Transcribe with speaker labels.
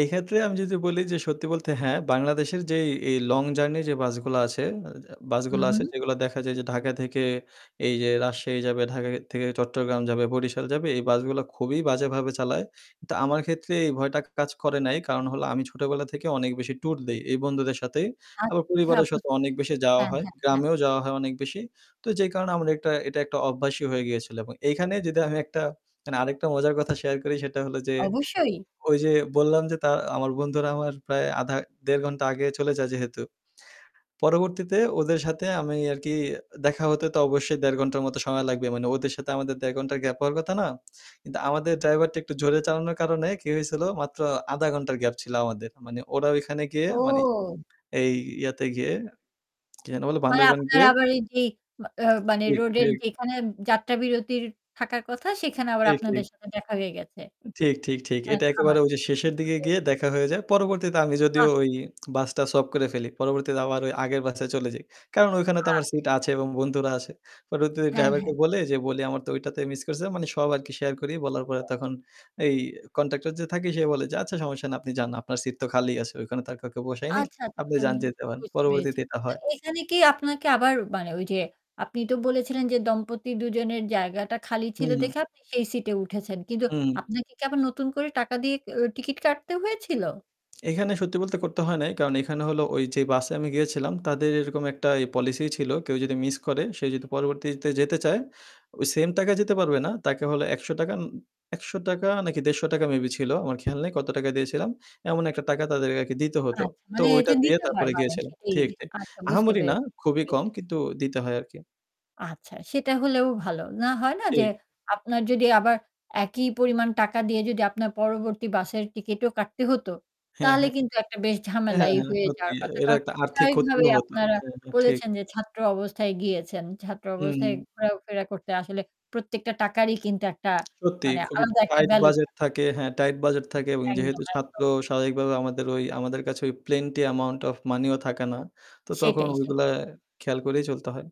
Speaker 1: এই ক্ষেত্রে আমি যদি বলি যে সত্যি বলতে হ্যাঁ, বাংলাদেশের যেই এই লং জার্নি যে বাসগুলো আছে
Speaker 2: হু,
Speaker 1: বাসগুলো আছে
Speaker 2: হু।
Speaker 1: যেগুলো দেখা যায় যে ঢাকা থেকে এই যে রাজশাহী যাবে, ঢাকা থেকে চট্টগ্রাম যাবে, বরিশাল যাবে এই বাসগুলো খুবই বাজেভাবে চালায়। তো আমার ক্ষেত্রে এই ভয়টা কাজ করে নাই কারণ হল আমি ছোটোবেলা থেকে অনেক বেশি সেই ট্যুর দেই এই বন্ধুদের সাথে। আবার
Speaker 2: আচ্ছা
Speaker 1: পরিবারের সাথে
Speaker 2: বুঝতে
Speaker 1: অনেক
Speaker 2: পেরেছি
Speaker 1: বেশি যাওয়া
Speaker 2: হ্যাঁ,
Speaker 1: হয়
Speaker 2: হ্যাঁ, হ্যাঁ।
Speaker 1: গ্রামেও যাওয়া হয় অনেক বেশি তো যেই কারণে আমার একটা এটা একটা অভ্যাসই হয়ে গিয়েছিলো। এবং এইখানে যদি আমি একটা মানে আরেকটা মজার কথা শেয়ার করি সেটা হলো যে
Speaker 2: অবশ্যই।
Speaker 1: ওই যে বললাম যে তা আমার বন্ধুরা আমার প্রায় আধা ১.৫ ঘণ্টা আগে চলে যায় যেহেতু। পরবর্তীতে ওদের সাথে আমি আরকি দেখা হতে তো অবশ্যই ১.৫ ঘন্টার মত সময় লাগবে। মানে ওদের সাথে আমাদের ১.৫ ঘন্টার গ্যাপ হওয়ার কথা না। কিন্তু আমাদের ড্রাইভারটা একটু জোরে চালানোর কারণে কি হয়েছিল মাত্র ০.৫ ঘন্টার গ্যাপ ছিল আমাদের। মানে ওরা ঐখানে গিয়ে মানে
Speaker 2: ও।
Speaker 1: এই ইয়াতে গিয়ে কি যেন বলে
Speaker 2: মানে
Speaker 1: বান্দরবান
Speaker 2: আপনার
Speaker 1: গিয়ে
Speaker 2: আবার এই যে মানে অ
Speaker 1: ঠিক,
Speaker 2: রোডের
Speaker 1: ঠিক।
Speaker 2: যেখানে যাত্রা বিরতি থাকার কথা সেখানে আবার
Speaker 1: ঠিক,
Speaker 2: আপনাদের
Speaker 1: ঠিক।
Speaker 2: সাথে দেখা হয়ে গেছে।
Speaker 1: ঠিক, ঠিক, ঠিক।
Speaker 2: হ্যা,
Speaker 1: এটা একেবারে
Speaker 2: থামানো
Speaker 1: শেষের
Speaker 2: বুঝতে
Speaker 1: দিকে গিয়ে
Speaker 2: পেরেছি।
Speaker 1: দেখা হয়ে যায়। পরবর্তীতে আমি
Speaker 2: আহ
Speaker 1: যদিও ওই বাসটা সয়াপ করে ফেলি। পরবর্তীতে আবার ওই আগের বাসায় চলে যাই। কারণ ওখানে তো
Speaker 2: আচ্ছা।
Speaker 1: আমার সিট আছে এবং বন্ধুরা আছে পরবর্তিতে
Speaker 2: হ্যাঁ,
Speaker 1: ড্রাইভারকে
Speaker 2: হ্যাঁ।
Speaker 1: বলে যে বলি আমার তো ঐটাতে মিস করছে। মানে সব আরকি শেয়ার করি। বলার পরে তখন এই কনট্যাক্টর যে থাকি সে বলে যে আচ্ছা সমস্যা না। আপনি যান। আপনার সিট তো খালিই আছে। ওখানে তো আর কাউকে বসাইনি।
Speaker 2: আচ্ছা, আচ্ছা,
Speaker 1: আপনি
Speaker 2: আচ্ছা,
Speaker 1: যান যেতে পারেন।
Speaker 2: বুঝতে পেরেছি।
Speaker 1: পরবর্তীতে এটা
Speaker 2: তো
Speaker 1: হয়।
Speaker 2: এখানে কি আপনাকে আবার মানে ওই যে আপনি তো বলেছিলেন যে, দম্পতি দুজনের জায়গাটা খালি
Speaker 1: হু,
Speaker 2: ছিল
Speaker 1: হু।
Speaker 2: দেখে আপনি সেই সিট এ উঠেছেন। কিন্তু
Speaker 1: হুম।
Speaker 2: আপনাকে কি আবার নতুন করে টাকা দিয়ে টিকেট কাটতে হয়েছিল?
Speaker 1: এখানে সত্যি বলতে করতে হয় নাই। কারণ এখানে হলো ওই যে বাসে আমি গিয়েছিলাম তাদের এরকম একটা পলিসি ছিল। কেউ যদি মিস করে সে যদি পরবর্তীতে যেতে চায়? ওই সেম টাকা যেতে পারবে না। তাকে হল ৳১০০ ৳১০০ নাকি ৳১৫০ মেবি ছিল। আমার খেয়াল নেই কত টাকা দিয়েছিলাম। এমন একটা টাকা তাদেরকে দিতে হতো।
Speaker 2: আচ্ছা
Speaker 1: তো
Speaker 2: মানে
Speaker 1: ওইটা
Speaker 2: এটা
Speaker 1: দিয়ে
Speaker 2: দিতে হয়
Speaker 1: তারপরে
Speaker 2: মানে
Speaker 1: গিয়েছিলাম।
Speaker 2: সেটি
Speaker 1: ঠিক, ঠিক।
Speaker 2: আচ্ছা বুঝতে
Speaker 1: আহামরি না
Speaker 2: পেরেছি, বুঝতে
Speaker 1: খুবই কম
Speaker 2: পেরেছি।
Speaker 1: কিন্তু দিতে হয় আরকি।
Speaker 2: আচ্ছা সেটা হলেও ভালো। না হয় না
Speaker 1: থ
Speaker 2: যে
Speaker 1: ঠিক।
Speaker 2: আপনার যদি আবার একই পরিমাণ টাকা দিয়ে যদি আপনার পরবর্তী বাসের টিকিটও কাটতে হত।
Speaker 1: হ্যাঁ,
Speaker 2: তাহলে
Speaker 1: হ্যাঁ।
Speaker 2: কিন্তু একটা বেশ
Speaker 1: হ্যাঁ,
Speaker 2: ঝামেলাই
Speaker 1: হ্যাঁ,
Speaker 2: হয়ে
Speaker 1: সত্যি।
Speaker 2: যাওয়ার কথা
Speaker 1: এটা একটা আর্থিক
Speaker 2: স্বভাবিকভাবে
Speaker 1: ক্ষতিও হতো।
Speaker 2: আপনারা
Speaker 1: হ্যাঁ, ঠিক।
Speaker 2: বলেছেন যে ছাত্র অবস্থায় গিয়েছেন। ছাত্র
Speaker 1: হুম,
Speaker 2: অবস্থায়
Speaker 1: হুম।
Speaker 2: ঘোরাফেরা করতে আসলে প্রত্যেকটা টাকারই কিন্তু একটা
Speaker 1: সত্যি
Speaker 2: মানে
Speaker 1: খুবই
Speaker 2: আলাদা একটা
Speaker 1: টাইট
Speaker 2: ভ্যালু
Speaker 1: বাজেট
Speaker 2: থাকে।
Speaker 1: থাকে, হ্যাঁ টাইট বাজেট থাকে এবং
Speaker 2: একদম,
Speaker 1: যেহেতু ছাত্র
Speaker 2: একদম।
Speaker 1: স্বাভাবিকভাবে আমাদের ওই আমাদের কাছে ওই প্লেনটি অ্যামাউন্ট অফ মানিও থাকে না। তো তখন
Speaker 2: সেটাই,
Speaker 1: ওইগুলো
Speaker 2: সেটাই।
Speaker 1: খেয়াল করেই চলতে হয়।